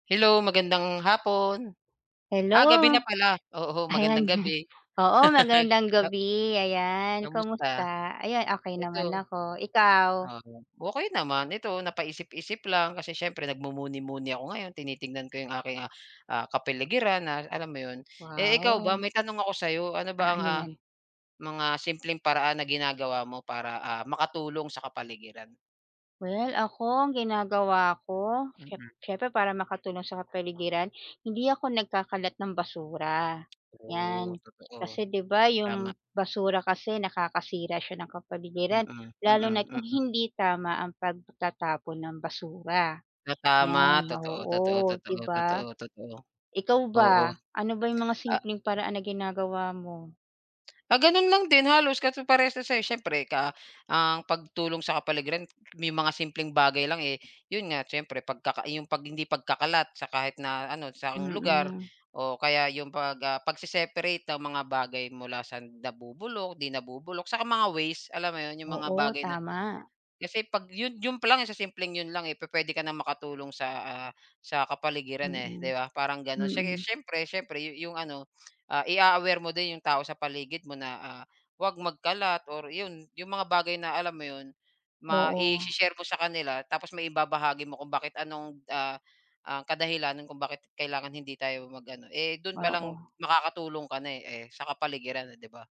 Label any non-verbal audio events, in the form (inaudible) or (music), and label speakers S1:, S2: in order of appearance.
S1: Hello magandang hapon.
S2: Hello.
S1: Ah, gabi na pala oo magandang
S2: Ayan. (chuckles)
S1: gabi.
S2: Oo magandang
S1: (laughs) Na
S2: gabi. Ayan, kamusta?
S1: Kamusta?
S2: Ayan, okey naman
S1: Eto
S2: ako, ikaw?
S1: oo, okey naman, ito napaisip-isip lang kasi siyempre nagmumuni-muni ako ngayon, tinitingnan ko yung aking, ah, ah, kapaligiran na alam mo yun? Eh, ikaw ba
S2: Wow.
S1: may tanong ako sa'yo ano
S2: Ah,
S1: ba ang
S2: ano
S1: ah,
S2: 'yan?
S1: mga simpleng paraan na ginagawa mo para, ah, makatulong sa kapaligiran?
S2: Well, ako ang ginagawa ko, siyemp
S1: Mm.
S2: syempre para makatulong sa kapaligiran, hindi ako nagkakalat ng basura,
S1: Oh,
S2: yan.
S1: totoo,
S2: Kasi di ba
S1: tama.
S2: yung basura kasi nakakasira siya ng kapaligiran,
S1: Mm,
S2: lalo
S1: mm,
S2: na't kung
S1: mm.
S2: hindi tama ang pagtatapon ng basura,
S1: Ta tama,
S2: yan.
S1: totoo, totoo,
S2: Oo,
S1: totoo,
S2: di ba?
S1: totoo, totoo.
S2: Ikaw
S1: Oo.
S2: ba ano ba yung mga
S1: A
S2: simpleng paraan na ginagawa mo?
S1: Ah, ganun lang din halos, kasi parehas ng sa'yo siyempre ka ah, ang pagtulong sa kapaligiran, may mga simpleng bagay lang, eh, yun nga siyempre pagkaka yung 'pag hindi pagkakalat sa kahit na ano, saang lugar,
S2: Mm.
S1: o kaya yung pag, ah, pagse-separate ng mga bagay mula sa nabubulok, di nabubulok, saka mga ways, alam mo yun, yung mga
S2: Oo,
S1: bagay na
S2: tama.
S1: kasi 'pag yun yun pa lang sa simpleng yun lang, eh, pupwede ka na makatulong sa, ah, sa kapaligiran, eh,
S2: Mm.
S1: di ba, parang ganon siyege
S2: Mm.
S1: siyempre siyempre yu yung ano, ah, i-a-aware mo din yung tao sa paligid mo na, ah, huwag magkalat, or 'yon yung mga bagay na alam mo yun,
S2: Oo.
S1: ma-i-she-share mo sa kanila, tapos maibabahagi mo kung bakit anong, ah, ah, kadahilanan kung bakit kailangan hindi tayo mag ano eh, dun palang
S2: Oo.
S1: makakatulong ka na, eh, eh sa kapaligiran, eh, di ba?